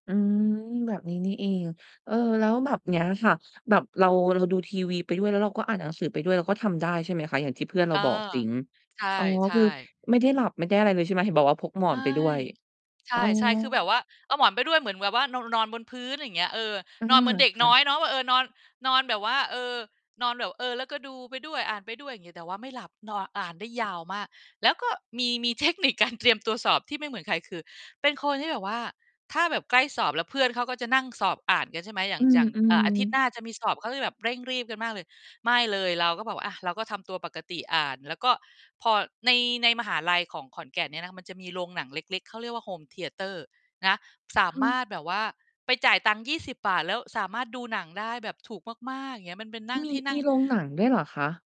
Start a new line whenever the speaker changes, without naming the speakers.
อืม แบบนี้นี่เอง เอ่อ แล้วแบบเนี้ยค่ะ แบบเรา เราดูทีวีไปด้วย แล้วเราก็อ่านหนังสือไปด้วย เราก็ทำได้ ใช่ไหมคะ อย่างที่เพื่อนเร
เ
า
ออ
บอกจริง
ใช่
อ๋อ
ใช
คือ
่
ไม่ได้หลับไม่ได้อะไรเลย ใช่ไหม เห็นบอกว่าพกหมอ
ไม
นไป
่
ด้วย
ใช
อ๋อ
่ ๆ คือแบบว่า เอาหมอนไปด้วย เหมือนแบบว่า นอน นอนบนพื้น อะไรอย่างเงี้ย เออ
อื
นอนเ
ม
หมือนเด็ก
ค่
น้
ะ
อยเนาะว่า เออ นอน นอนแบบว่า เออ นอนแบบ เออ แล้วก็ดูไปด้วย อ่านไปด้วย อย่างเงี้ย แต่ว่าไม่หลับ นอน อ่านได้ยาวมาก แล้วก็มี มี เทคนิคการเตรียมตัวสอบ ที่ไม่เหมือนใคร คือ เป็นคนที่แบบว่า ถ้าแบบใกล้สอบแล้วเพื่อนเขาก็จะนั่ง สอบอ่านกันใช่ไหม อย่
อ
า
ื
ง อย่าง เอ่อ
อ
อาทิตย์หน
ๆ
้าจะมีสอบเขาจะแบบเร่งรีบกันมากเลย ไม่เลย เราก็แบบอะ เราก็ทำตัวปกติอ่าน แล้วก็พอใน ในมหาลัยของขอนแก่นเนี่ย มันจะมีโรงหนังเล็ก ๆ เขาเรียกว่า Home Theater นะ สา
ค่
มา
ะ
รถแบบว่าไปจ่ายตังค์ 20 แล้วสามารถดูหนังได้แบบถูกมาก ๆ อย่างเงี้ย มันเป็นนั่ง
มี
ที่นั
ม
่
ี
ง
โรงหนังด้วยเหรอคะ?